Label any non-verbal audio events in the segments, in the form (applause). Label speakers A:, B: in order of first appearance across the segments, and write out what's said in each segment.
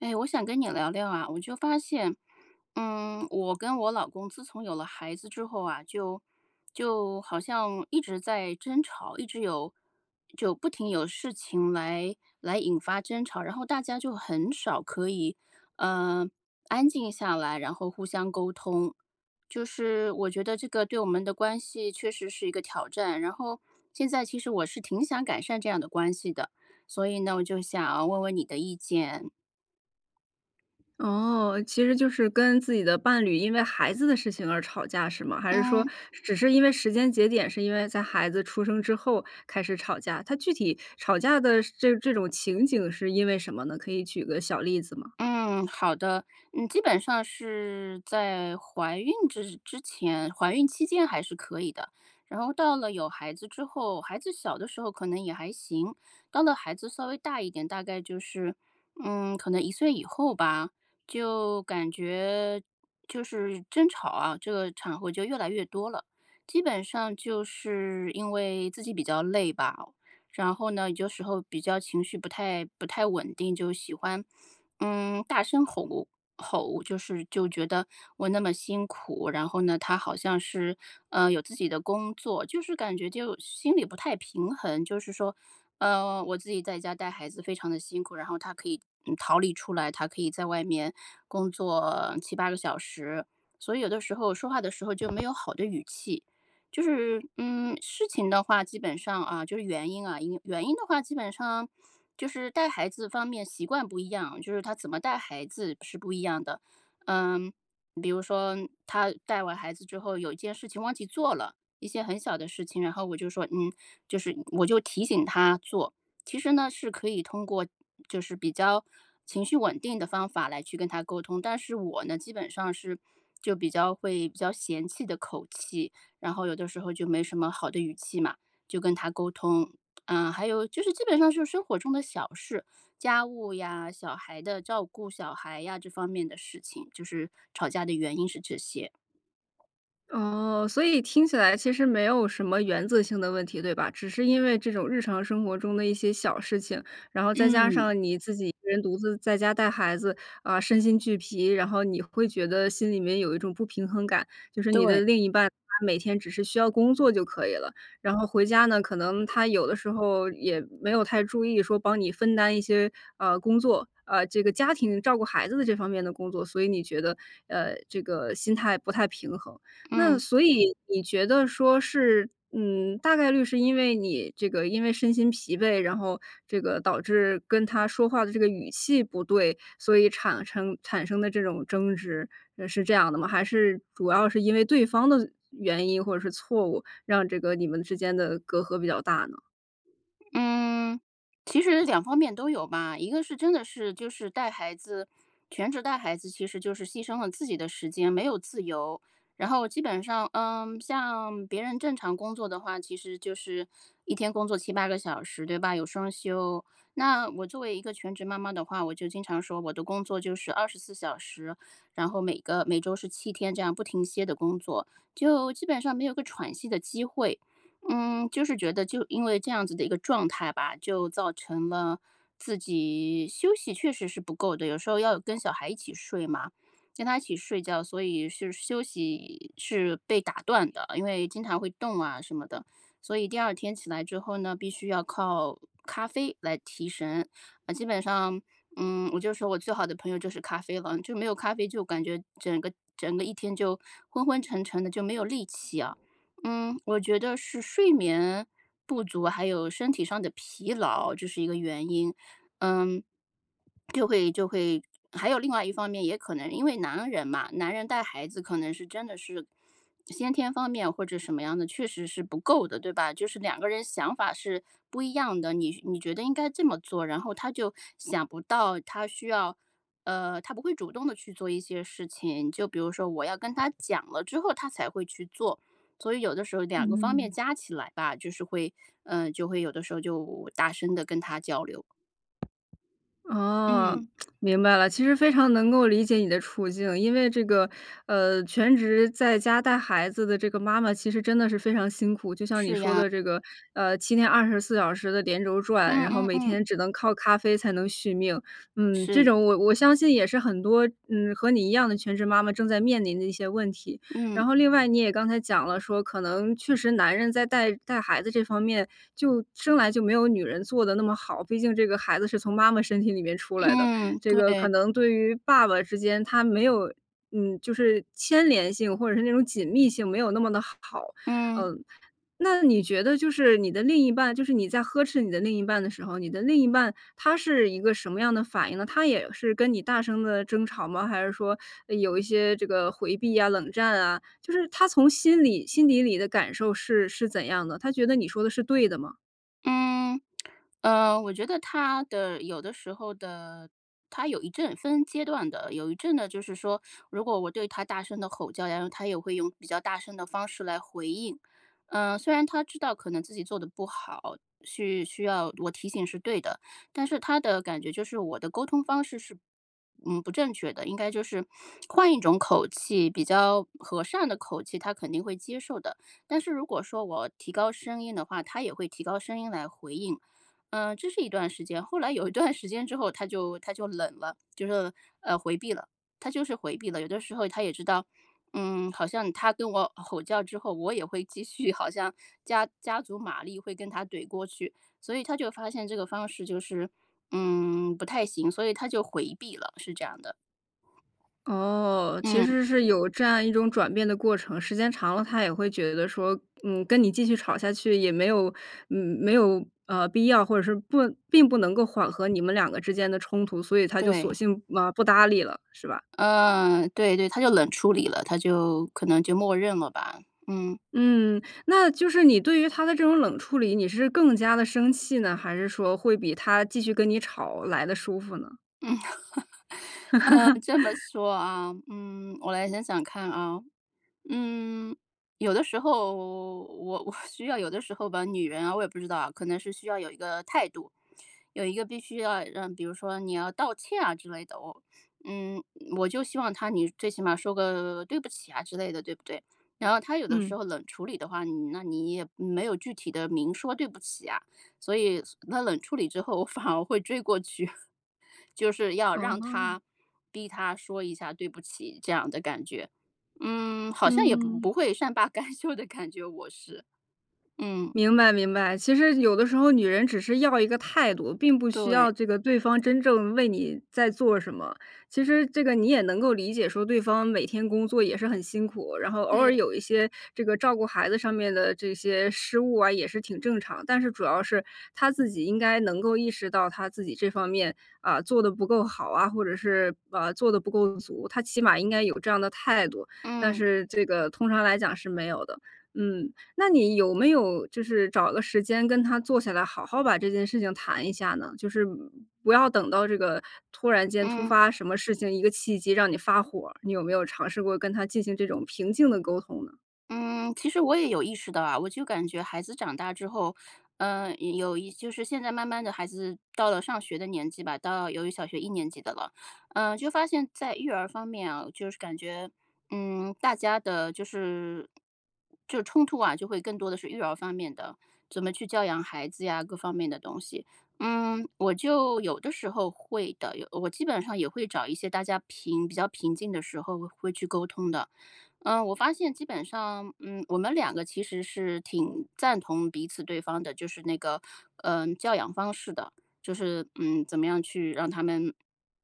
A: 哎，我想跟你聊聊啊，我就发现，嗯，我跟我老公自从有了孩子之后啊，就就好像一直在争吵，一直有就不停有事情来来引发争吵，然后大家就很少可以，呃，安静下来，然后互相沟通，就是我觉得这个对我们的关系确实是一个挑战，然后现在其实我是挺想改善这样的关系的。所以呢，我就想要问问你的意见。
B: 哦，其实就是跟自己的伴侣因为孩子的事情而吵架是吗？还是说
A: 嗯。
B: 只是因为时间节点是因为在孩子出生之后开始吵架，它具体吵架的这这种情景是因为什么呢？可以举个小例子吗？
A: 嗯，好的。嗯，基本上是在怀孕之之前，怀孕期间还是可以的，然后到了有孩子之后，孩子小的时候可能也还行。到了孩子稍微大一点，大概就是，嗯，可能1岁以后吧，就感觉就是争吵啊，这个场合就越来越多了，基本上就是因为自己比较累吧。然后呢，有些时候比较情绪不太不太稳定，就喜欢，嗯，大声吼吼，就是就觉得我那么辛苦，然后呢，他好像是，呃，有自己的工作，就是感觉就心里不太平衡，就是说，呃，我自己在家带孩子非常地辛苦，然后他可以，嗯，逃离出来，他可以在外面工作7-8个小时，所以有的时候说话的时候就没有好的语气。就是，嗯，事情的话，基本上啊，就是原因啊，因原因的话基本上就是带孩子方面习惯不一样，就是他怎么带孩子是不一样的。嗯，比如说他带完孩子之后，有一件事情忘记做了，一些很小的事情，然后我就说，嗯，就是我就提醒他做。其实呢，是可以通过就是比较情绪稳定的方法来去跟他沟通。但是我呢，基本上是就比较会比较嫌弃的口气，然后有的时候就没什么好的语气嘛，就跟他沟通。啊，还有就是基本上是生活中的小事，家务呀、小孩的照顾、小孩呀这方面的事情，就是吵架的原因是这些。
B: 哦，所以听起来其实没有什么原则性的问题，对吧？只是因为这种日常生活中的一些小事情，然后再加
A: 嗯。
B: 上你自己一个人独自在家带孩子，呃，身心俱疲，然后你会觉得心里面有一种不平衡感，就是你的
A: 对。
B: 另一半他每天只是需要工作就可以了。然后回家呢，可能他有的时候也没有太注意说帮你分担一些呃，工作，呃这个家庭照顾孩子的这方面的工作，所以你觉得呃这个心态不太平衡。那
A: 嗯。
B: 所以你觉得说是，嗯，大概率是因为你这个因为身心疲惫，然后这个导致跟他说话的这个语气不对，所以产称产生的这种争执，呃，是这样的吗？还是主要是因为对方的原因或者是错误，让这个你们之间的隔阂比较大呢？
A: 嗯。其实2方面都有吧，一个是真的是就是带孩子全职带孩子其实就是牺牲了自己的时间，没有自由。然后基本上，嗯，像别人正常工作的话，其实就是一天工作7、8个小时，对吧？有双休。那我作为一个全职妈妈的话，我就经常说我的工作就是24小时，然后每个每周是7天这样不停歇地工作，就基本上没有个喘息的机会。嗯，就是觉得就因为这样子的一个状态吧，就造成了自己休息确实是不够的。有时候要跟小孩一起睡嘛，跟她一起睡觉，所以是休息是被打断的，因为经常会动啊什么的，所以第2天起来之后呢，必须要靠咖啡来提神。嗯，基本上嗯，我就说我最好的朋友就是咖啡了，就没有咖啡就感觉整个整个一天就昏昏沉沉的，就没有力气啊。嗯，我觉得是睡眠不足，还有身体上的疲劳，这是一个原因。嗯。就会就会还有另外一方面也可能因为男人嘛，男人带孩子可能是真的是先天方面或者什么样的，确实是不够的，对吧？就是2个人想法是不一样的，你你觉得应该这么做，然后他就想不到他需要，呃，他不会主动地去做一些事情，就比如说我要跟他讲了之后，他才会去做。所以有的时候2个方面
B: 嗯。
A: 加起来吧，就是会呃就会有的时候就大声地跟他交流。
B: 哦，
A: 嗯。
B: (tsk) 明白了。其实非常能够理解你的处境，因为这个，呃，全职在家带孩子的这个妈妈其实真的是非常辛苦，就像你
A: 是
B: 说
A: 呀。
B: 的这个，呃，7天24小时的连轴转，
A: 嗯，
B: 然后
A: 嗯，
B: 每
A: 嗯。
B: 天只能靠咖啡才能续命。嗯，这
A: 是。
B: 种我我相信也是很多，嗯，和你一样的全职妈妈正在面临的一些问题。
A: 嗯。
B: 然后另外，你也刚才讲了，说可能确实男人在带带孩子这方面就生来就没有女人做得那么好。毕竟这个孩子是从妈妈身体里面出来的，
A: 嗯，
B: 这个
A: 对。
B: 可能对于爸爸之间，他没有，嗯，就是牵连性，或者是那种紧密性没有那么得好。
A: 嗯。
B: 呃，那你觉得就是你的另一半就是你在呵斥你的另一半的时候，你的另一半他是一个什么样的反应呢？他也是跟你大声地争吵吗？还是说呃有一些这个回避呀、冷战啊？就是他从心里心底里的感受是是怎样的？他觉得你说的是对的吗？
A: 嗯，(smacks lips) 呃，我觉得他的有的时候的他有一阵分阶段的。有一阵的就是说，如果我对他大声地吼叫，然后，他也会用比较大声的方式来回应。呃，虽然他知道可能自己做得不好，续需要我提醒是对的，但是他的感觉就是我的沟通方式是，嗯，不正确的，应该就是 (smacks lips) 换一种口气，比较和善的口气他肯定会接受的。但是如果说我提高声音的话，他也会提高声音来回应。嗯，这是一段时间，后来有一段时间之后，他就他就冷了，就是，呃，回避了，他就是回避了。有的时候他也知道，嗯，好像他跟我吼叫之后，我也会继续好像加加足马力会跟他怼过去，所以他就发现这个方式就是，嗯，不太行，所以他就回避了，是这样的。
B: 哦，其
A: 嗯。
B: 实是有这样一种转变的过程，时间长了，他也会觉得说，嗯，跟你继续吵下去，也没有没有，啊，必要，或者是不并不能够缓和你们两个之间的冲突，所以他就
A: 对。
B: 索性，呃，不搭理了，是吧？
A: 嗯，对对，他就冷处理了，他就可能就默认了吧。嗯。
B: 嗯，那就是你对于他的这种冷处理，你是更加地生气呢？还是说会比他继续跟你吵来得舒服呢？
A: 嗯。(laughs) 嗯，这么
B: (laughs)
A: 说啊，嗯，我来想想看啊。嗯，有的时候我我需要有的时候吧，女人啊，我也不知道啊，可能是需要有一个态度，有一个必须要让比如说你要道歉啊之类的哦。嗯，我就希望他你最起码说个对不起啊之类的，对不对？然后他有的时
B: 嗯。
A: 候冷处理的话，你那你也没有具体地明说对不起啊，所以，所那冷处理之后我反而会追过去，就是要
B: 嗯
A: 让
B: 哼。
A: 他逼他说一下对不起这样的感觉。嗯，好像也不
B: 嗯。
A: 不会善罢甘休的感觉，我是。嗯。
B: 明白，明白，其实有的时候，女人只是要一个态度，并不需
A: 对。
B: 要这个对方真正为你在做什么。其实这个你也能够理解说对方每天工作也是很辛苦，然后偶
A: 对。
B: 尔有一些这个照顾孩子上面的这些失误啊，也是挺正常，但是主要是他自己应该能够意识到他自己这方面，啊，做得不够好啊，或者是，啊，把做的不够足，他起码应该有这样的态度，但
A: 嗯。
B: 是这个通常来讲是没有的。嗯，那你有没有就是找个时间跟他坐下来好好把这件事情谈一下呢？就是不要等到这个突然间突
A: 嗯。
B: 发什么事情，一个契机让你发火儿，你有没有尝试过跟他进行这种平静地沟通呢？
A: 嗯，其实我也有意识到啊，我就感觉孩子长大之后，嗯，有一就是现在慢慢地孩子到了上学的年纪吧，到由于小学1年级的了，嗯，就发现在育儿方面啊，就是感觉，嗯，大家的就是就冲突啊，就会更多的是育儿方面的，怎么去教养孩子呀、各方面的东西。嗯，我就有的时候会的，有我基本上也会找一些大家平比较平静的时候会去沟通的。呃，我发现基本上，嗯，我们两个其实是挺赞同彼此对方的，就是那个，嗯，教养方式的。就是，嗯，怎么样去让他们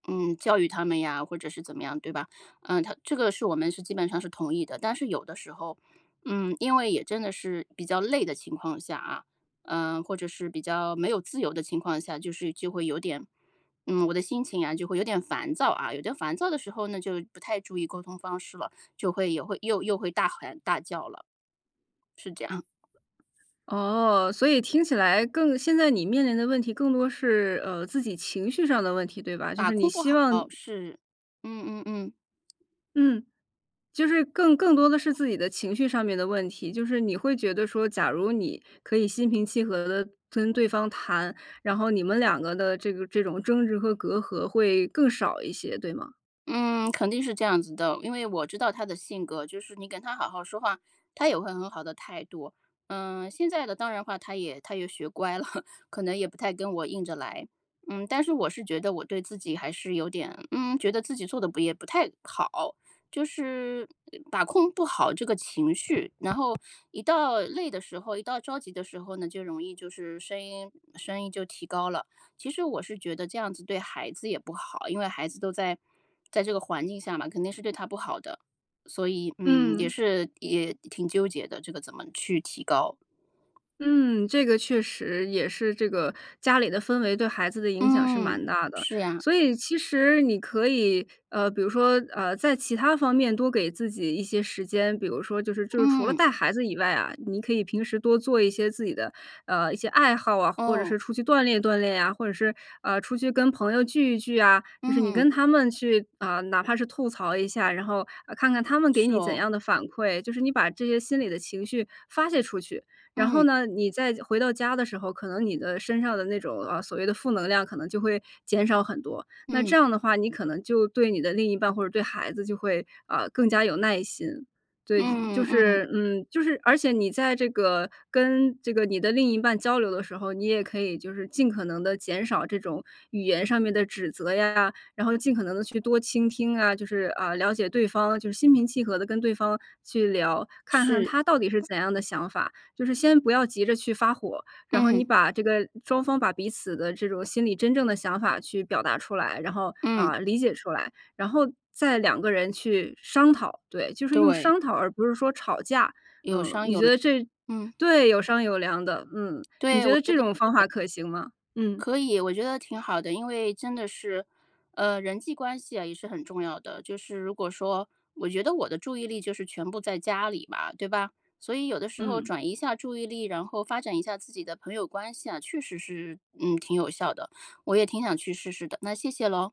A: 嗯，教育他们呀，或者是怎么样，对吧？呃，他这个是我们是基本上是同意的，但是有的时候，嗯，因为也真的是比较累的情况下啊，呃，或者是比较没有自由的情况下，就是就会有点，嗯，我的心情啊就会有点烦躁啊，有点烦躁的时候呢，就不太注意沟通方式了，就会也会又又会大喊大叫了。是这样。
B: 哦，所以听起来更现在你面临的问题更多是，呃，自己情绪上的问题，对吧？就
A: 把
B: 是你
A: 控不
B: 希
A: 好，
B: 望
A: 是，嗯嗯嗯。
B: 嗯。就是更更多的是自己的情绪上面的问题，就是你会觉得说，假如你可以心平气和地跟对方谈，然后你们两个的这个这种争执和隔阂会更少一些，对吗？
A: 嗯，肯定是这样子的，因为我知道他的性格，就是你跟他好好说话，他也会很好的态度。呃，现在的当然的话，他也他也学乖了，(laughs) 可能也不太跟我硬着来。嗯，但是我是觉得我对自己还是有点嗯，觉得自己做得不也不太好，就是，把控不好这个情绪，然后一到累的时候，一到着急的时候呢，就容易就是声音声音就提高了。其实我是觉得这样子对孩子也不好，因为孩子都在在这个环境下嘛，肯定是对他不好的。所以，嗯，也
B: 嗯。
A: 是也挺纠结的，这个怎么去提高。
B: 嗯，这个确实也是这个，家里的氛围对孩子的影响是
A: 嗯，
B: 蛮大的，
A: 是呀。
B: 所以其实你可以，呃，比如说，呃，在其他方面多给自己一些时间，比如说就是就是除了
A: 嗯。
B: 带孩子以外啊，你可以平时多做一些自己的，呃，一些爱好啊，或者
A: 哦。
B: 是出去锻炼锻炼呀，或者是，呃，出去跟朋友聚一聚啊，就是你
A: 嗯。
B: 跟他们去，呃，哪怕是吐槽一下，然后，呃，看看他们给
A: 是
B: 你怎
A: 哦。
B: 样的反馈。就是你把这些心里的情绪发泄出去。然后
A: 嗯。
B: 你再回到家的时候，可能你的身上的那种，呃，所谓的负能量可能就会减少很多。那这
A: 嗯。
B: 样的话，你可能就对你的另一半或者对孩子就会，呃，更加有耐心。对，就就
A: 嗯嗯，嗯。
B: 是，就是，而且你在这个跟这个你的另一半交流的时候，你也可以就是尽可能的减少这种语言上面的指责呀，然后尽可能地去多倾听啊，就是，呃，了解对方，就是心平气和地跟对方去聊，看看
A: 是。
B: 他到底是怎样的想法，就是先不要急着去发火，然后你
A: 嗯。
B: 把这个，双方把彼此的这种心里真正的想法去表达出来，然后，
A: 嗯。
B: 呃，理解出来，然后再两个人去商讨，对，就是用
A: 对。
B: 商讨而不是说吵架。
A: 有
B: 嗯。
A: 商
B: 你
A: 有
B: 觉
A: 量，
B: 得这
A: 嗯。
B: 对，有商有量的，嗯。你
A: 对，
B: 觉
A: 我
B: 得
A: 觉
B: 这
A: 得
B: 种方
A: 是的。
B: 法可行吗？嗯。
A: 可以，我觉得挺好的，因为真的是，呃，人际关系啊，也是很重要的。就是如果说，我觉得我的注意力就是全部在家里嘛，对吧。所以有的时候
B: 嗯。
A: 转移一下注意力，然后发展一下自己的朋友关系啊，确实是，嗯，挺有效的。我也挺想去试试的，那谢谢咯。